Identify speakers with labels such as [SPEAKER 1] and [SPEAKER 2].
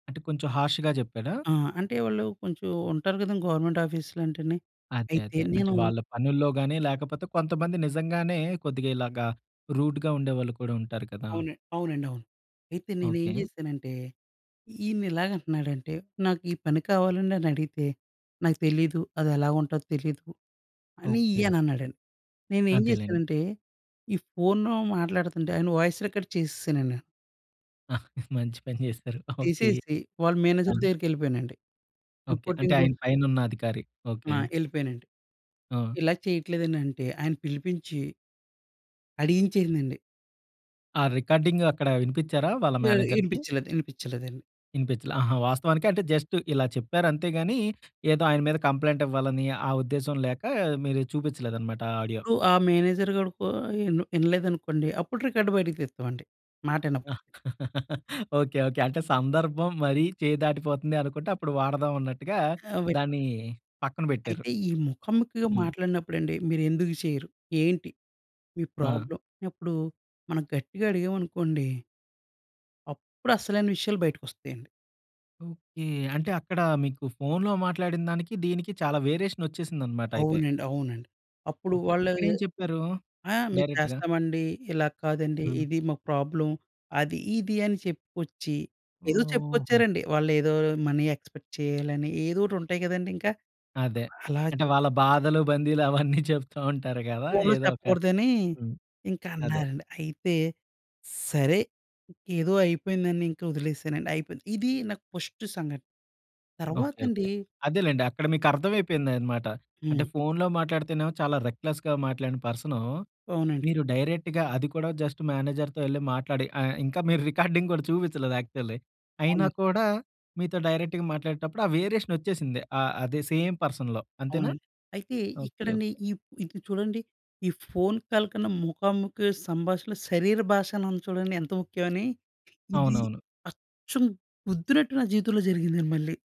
[SPEAKER 1] అంటే, కొంచెం హార్శ్‌గ చెప్పాడా?
[SPEAKER 2] ఆ! అంటే, వాళ్ళూ కొంచుం ఉంటారు గదండి గవర్నమెంట్ ఆఫీసులంటేనే.
[SPEAKER 1] అదే,
[SPEAKER 2] అయితే,
[SPEAKER 1] అదే. అంటే,
[SPEAKER 2] నేనూ
[SPEAKER 1] వాళ్ళ పనుల్లో గానీ, లేకపోతే కొంతమంది నిజంగానే కొద్దిగా ఇలాగ రూడ్‌గా ఉండేవాళ్ళు కూడా ఉంటారు కదా!
[SPEAKER 2] అవునండి. అవునండి. అవును. అయితే, నేనేం
[SPEAKER 1] ఓకే.
[SPEAKER 2] చేశానంటే, ఈయన్నిలాగంటన్నాడంటే, నాకు ఈ పని కావాలండనడిగితే, "నాకు తెలీదు అదెలా ఉంటదో తెలీదు" అనీ
[SPEAKER 1] ఓకే.
[SPEAKER 2] ఈయనన్నాడండి. నేనేం
[SPEAKER 1] అదేలెండి.
[SPEAKER 2] జేశానంటే, ఈ ఫోన్‌లో మాట్లాడతంటే ఆయన వాయిస్ రికార్డ్ చేసేశానండి.
[SPEAKER 1] మంచి పని జేశారు. ఓకే.
[SPEAKER 2] తీసేసి, వాళ్ళ
[SPEAKER 1] ఆ!
[SPEAKER 2] మేనేజర్ దగ్గరికెళ్ళిపోయానండి.
[SPEAKER 1] ఓకే. అంటే,
[SPEAKER 2] రిపోర్టింగు
[SPEAKER 1] ఆయన పైనున్న అధికారి. ఓకే.
[SPEAKER 2] ఆ! యెళ్ళిపోయానండి.
[SPEAKER 1] ఆ!
[SPEAKER 2] ఇలా చెయట్లేదండంటే, ఆయన పిలిపించి... అడిగించేసిందండి.
[SPEAKER 1] ఆ రికార్డింగ్ అక్కడా వినిపిచ్చారా వాళ్ళ
[SPEAKER 2] వే
[SPEAKER 1] మేనేజర్‌కి?
[SPEAKER 2] వినిపిచ్చలేదు. ఇనిపిచ్చలేదండి.
[SPEAKER 1] వినిపిచ్చలా. ఆహా! వాస్తవానికి అంటే, జస్ట్ ఇలా చెప్పారంతే గానీ, ఏదో ఆయన మీద కంప్లెయింటివ్వాలనీ, ఆ ఉద్దేశం లేకా మీరిది చూపిచ్చలేదనమాట ఆ ఆడియో.
[SPEAKER 2] ఇప్పుడూ ఆ మేనేజర్ గాడు కో ఇన్ ఇనలేదనుకోండీ, అప్పుడు రికార్డ్ బయటకు తీత్తామండి, మాటిన
[SPEAKER 1] ఓకే. ఓకే. అంటే, సందర్భం మరీ చెయ్యి దాటిపోతుంది అనుకుంటే, అప్పుడు వాడదావన్నట్టుగా
[SPEAKER 2] ఆహ్, [unintelligible]
[SPEAKER 1] దాన్నీ పక్కన బెట్టారు.
[SPEAKER 2] అయితే, ఈ ముఖాముఖిగా
[SPEAKER 1] హ్మ్.
[SPEAKER 2] మాట్లాడినప్పుడండి. మీరెందుకు చెయరు? ఏంటి మీ
[SPEAKER 1] ఆ!
[SPEAKER 2] ప్రాబ్లమ్? అప్పుడు మనం గట్టిగా అడిగావనుకోండి... అప్పుడసలైన విషయాలు బయటికొస్తయండి.
[SPEAKER 1] ఓకే. అంటే అక్కడా మీకు ఫోన్‌లో మాట్లాడిన దానికి, దీనికి చాలా వేరియేషనొచ్చేసిందనమాటయితే.
[SPEAKER 2] అవునండి. అవునండి. అప్పుడు
[SPEAKER 1] ఓకే.
[SPEAKER 2] వాళ్ళా
[SPEAKER 1] ఇక్కడేం చెప్పారూ
[SPEAKER 2] ఆ! మేము
[SPEAKER 1] డైరెక్ట్‌గా?
[SPEAKER 2] చేస్తామండి, ఇలాగ కాదండి,
[SPEAKER 1] హ్మ్.
[SPEAKER 2] ఇది మాకు ప్రాబ్లమ్, అది ఇది అని చెప్పుకొచ్చి, ఏదో
[SPEAKER 1] ఓహ్! ఓహో!
[SPEAKER 2] చెప్పుకొచ్చారండి. వాళ్ళేదో మనీ ఎక్స్పెక్ట్ చెయ్యాలని ఏదోటుంటయి గదండింక.
[SPEAKER 1] అదే.
[SPEAKER 2] అలా
[SPEAKER 1] అంటే,
[SPEAKER 2] చేసి
[SPEAKER 1] వాళ్ళ బాధలు, బందీలు అవన్నీ చెప్తూ ఉంటారు గదా
[SPEAKER 2] ఫోన్‌లో
[SPEAKER 1] ఏదో ఒక
[SPEAKER 2] చెప్పకూడదని
[SPEAKER 1] హ్మ్. అదే.
[SPEAKER 2] ఇంకన్నారండి. అయితే, సరే ఏదో అయిపోయిందనింక ఒదిలేసానండి. అయిపోయింది. ఇదీ నాకు ఫస్టు సంఘటన.
[SPEAKER 1] Okay okay.
[SPEAKER 2] తర్వాతండీ
[SPEAKER 1] అదేలెండి. అక్కడ మీకర్దమైపోయింది అనమాట. అంటే,
[SPEAKER 2] హ్మ్.
[SPEAKER 1] ఫోన్‌లో మాట్లాడితేనేమో చాలా రెక్లెస్‌గా మాట్లాడిన పర్సనూ,
[SPEAKER 2] అవునండి.
[SPEAKER 1] మీరు డైరెక్ట్‌గా. అది కూడా జస్ట్ మేనేజర్‌తో యెళ్లి మాట్లాడి ఆహ్, ఇంకా మీరు రికార్డింగ్ గూడా చూపిచ్చలేదు యాక్చువల్లీ. అయినా
[SPEAKER 2] అవునండి.
[SPEAKER 1] కూడా మీతో డైరెక్ట్‌గా మాట్లాడేటప్పుడు, ఆ వేరియేషనొచ్చేసింది. ఆహ్, అదే సేమ్ పర్సన్‌లో. అంతేనా?
[SPEAKER 2] అవునండి. అయితే
[SPEAKER 1] ఓకే.
[SPEAKER 2] ఇక్కడండి,
[SPEAKER 1] ఓకే.
[SPEAKER 2] ఇ ఇపుడు చూడండి, ఈ ఫోన్ కాల్ కన్నా, ముఖాముఖి సంభాషణలు శరీర భాషణుంది చూడండి ఏంత ముఖ్యమని. ఇది
[SPEAKER 1] అవునవును.
[SPEAKER 2] అచ్చు గుద్దినట్టు నా జీవితంలో జరిగింది మళ్ళీ.